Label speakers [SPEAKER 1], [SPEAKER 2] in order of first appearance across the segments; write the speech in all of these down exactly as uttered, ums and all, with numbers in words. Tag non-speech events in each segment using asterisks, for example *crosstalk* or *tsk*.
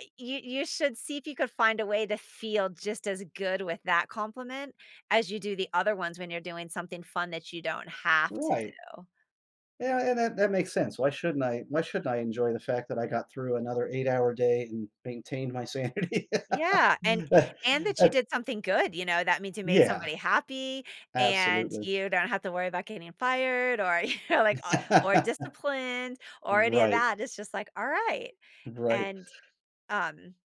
[SPEAKER 1] E you you should see if you could find a way to feel just as good with that compliment, as you do the other ones when you're doing something fun that you don't have to
[SPEAKER 2] Right.
[SPEAKER 1] do.
[SPEAKER 2] Yeah, and that that makes sense. Why shouldn't I why shouldn't I enjoy the fact that I got through another eight hour day, and maintained my sanity?
[SPEAKER 1] Yeah, and and that you
[SPEAKER 2] *laughs*
[SPEAKER 1] did something good, you know, that means you made
[SPEAKER 2] Yeah.
[SPEAKER 1] somebody happy, and
[SPEAKER 2] Absolutely.
[SPEAKER 1] you don't have to worry about getting fired, or you know, like, or or disciplined,
[SPEAKER 2] *laughs*
[SPEAKER 1] or any of
[SPEAKER 2] Right.
[SPEAKER 1] that, it's just, like, all right,
[SPEAKER 2] Right.
[SPEAKER 1] and, um,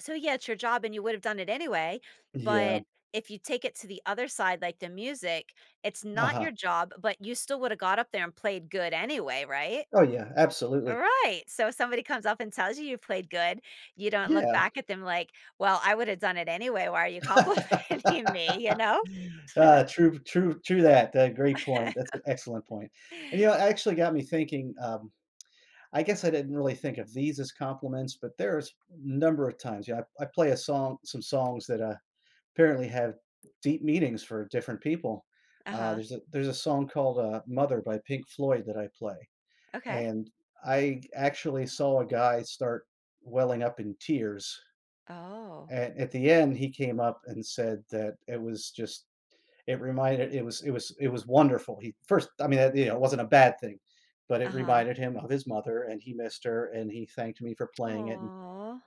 [SPEAKER 1] so yeah, it's your job and you would have done it anyway,
[SPEAKER 2] Yeah.
[SPEAKER 1] but if you take it to the other side, like the music, it's not
[SPEAKER 2] Uh-huh.
[SPEAKER 1] your job, but you still woulda got up there and played good anyway, right?
[SPEAKER 2] Oh yeah, absolutely.
[SPEAKER 1] Right! So if somebody comes up and tells you you played good, you don't look
[SPEAKER 2] Yeah.
[SPEAKER 1] back at them like, "Well, I woulda done it anyway, why are you complimenting me," you
[SPEAKER 2] *laughs*
[SPEAKER 1] know? *laughs*
[SPEAKER 2] Ah, true true true that, that great point, that's an excellent
[SPEAKER 1] *laughs*
[SPEAKER 2] point. And you know, it actually got me thinking, um, *tsk* I guess I didn't really think of these as compliments, but there's a number of times, you know, I I play a song some songs that, uh, apparently have deep meanings for different people, uh,
[SPEAKER 1] Uh-huh.
[SPEAKER 2] there's a there's a song called, uh, "Mother" by Pink Floyd that I play,
[SPEAKER 1] Okay.
[SPEAKER 2] and I actually saw a guy start welling up in tears.
[SPEAKER 1] Oh.
[SPEAKER 2] At at the end, he came up and said that it was just it reminded it was it was it was wonderful, he first I mean, e you know, it wasn't a bad thing, but it
[SPEAKER 1] Uh-huh.
[SPEAKER 2] reminded him of his mother, and he missed her, and he thanked me for playing it, and
[SPEAKER 1] Aw.